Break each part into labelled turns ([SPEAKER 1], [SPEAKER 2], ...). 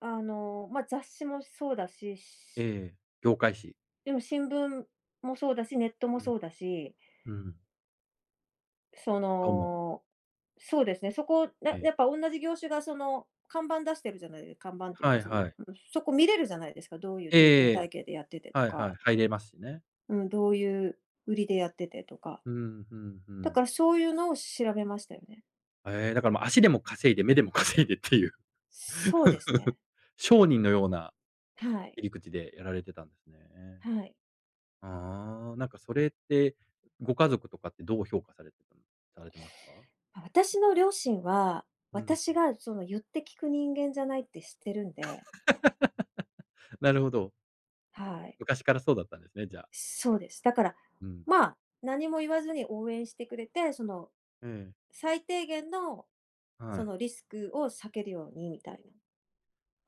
[SPEAKER 1] あの、まあ、雑誌もそうだし。し
[SPEAKER 2] ええ、業界紙？
[SPEAKER 1] でも新聞もそうだし、ネットも
[SPEAKER 2] うん。
[SPEAKER 1] そうだし。
[SPEAKER 2] うん。
[SPEAKER 1] そ
[SPEAKER 2] どうも。
[SPEAKER 1] の、そうですね、そこ、
[SPEAKER 2] え
[SPEAKER 1] な、
[SPEAKER 2] え。
[SPEAKER 1] やっぱおんなじ業種がその看板出してるじゃないで看板っていう
[SPEAKER 2] は
[SPEAKER 1] か、
[SPEAKER 2] い
[SPEAKER 1] そ
[SPEAKER 2] は
[SPEAKER 1] の、
[SPEAKER 2] い。
[SPEAKER 1] うん、そこ見れるじゃないですか、どういう
[SPEAKER 2] え
[SPEAKER 1] 料金
[SPEAKER 2] ええ
[SPEAKER 1] 体
[SPEAKER 2] え、
[SPEAKER 1] 系でやっててと
[SPEAKER 2] はいはい、
[SPEAKER 1] か。
[SPEAKER 2] 入れますしね。
[SPEAKER 1] うん、どういう売りでやっててとか。
[SPEAKER 2] うん、ふん、ふ
[SPEAKER 1] だから、
[SPEAKER 2] ん。
[SPEAKER 1] そういうのを調べましたよね。
[SPEAKER 2] ええ、だから、ま、足でも稼いで目でも稼いでっていう。
[SPEAKER 1] そうですね。
[SPEAKER 2] 商人のような、
[SPEAKER 1] はい。
[SPEAKER 2] 切り口でやられてたんですね。
[SPEAKER 1] はい。
[SPEAKER 2] ああ、なんかそれって、ご家族とかってどう評価されてたんされてますか？
[SPEAKER 1] あたしの両親は、
[SPEAKER 2] ううん。
[SPEAKER 1] 私がその言って聞く人間じゃないって知ってるんで。
[SPEAKER 2] なるほど。
[SPEAKER 1] はい。
[SPEAKER 2] 昔からそうだったんですね、じゃあ。
[SPEAKER 1] そうです。だから、
[SPEAKER 2] うん。
[SPEAKER 1] ま、何も言わずに応援してくれて、その
[SPEAKER 2] ええ。
[SPEAKER 1] 最低限の、
[SPEAKER 2] は
[SPEAKER 1] そ
[SPEAKER 2] い。
[SPEAKER 1] のリスクを避けるようにみたいな。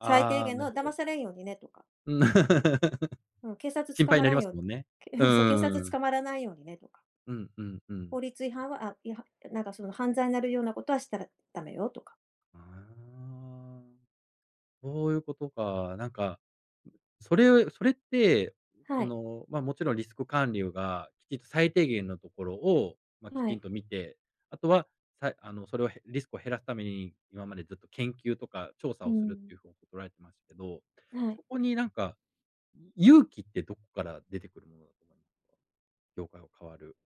[SPEAKER 1] 最低
[SPEAKER 2] あ、
[SPEAKER 1] 限
[SPEAKER 2] なる
[SPEAKER 1] の
[SPEAKER 2] ほ
[SPEAKER 1] 「騙
[SPEAKER 2] ど。
[SPEAKER 1] されんようにね」とか。
[SPEAKER 2] うん。
[SPEAKER 1] うん、警察
[SPEAKER 2] 心
[SPEAKER 1] 捕
[SPEAKER 2] 配に
[SPEAKER 1] ま
[SPEAKER 2] な
[SPEAKER 1] ら
[SPEAKER 2] り
[SPEAKER 1] ん
[SPEAKER 2] ま
[SPEAKER 1] よ
[SPEAKER 2] す
[SPEAKER 1] う
[SPEAKER 2] もんね。
[SPEAKER 1] けう
[SPEAKER 2] うん
[SPEAKER 1] ん、そう「警
[SPEAKER 2] う
[SPEAKER 1] 察
[SPEAKER 2] んうん。
[SPEAKER 1] 捕まらないようにね」とか。
[SPEAKER 2] うんうんうん。
[SPEAKER 1] 法律違反はあ、いはなんかその「犯罪なるようなことはしたらダメよ」とか。
[SPEAKER 2] ああ。そういうことか、なんか、それをそれって、
[SPEAKER 1] は
[SPEAKER 2] そ
[SPEAKER 1] い。
[SPEAKER 2] の、ま、もちろんリスク管理がきちっと最低限のところを、ま、き
[SPEAKER 1] は
[SPEAKER 2] ちん
[SPEAKER 1] い。
[SPEAKER 2] と見て、あとは、さえあの、それを、へリスクを減らすために、今までずっと研究とか調査
[SPEAKER 1] う
[SPEAKER 2] をするっ
[SPEAKER 1] ん。
[SPEAKER 2] ていう方法とらえてましけど、
[SPEAKER 1] はい。
[SPEAKER 2] そこになんか、勇気ってどっから出てくるものだと思いまか？業界を変わる。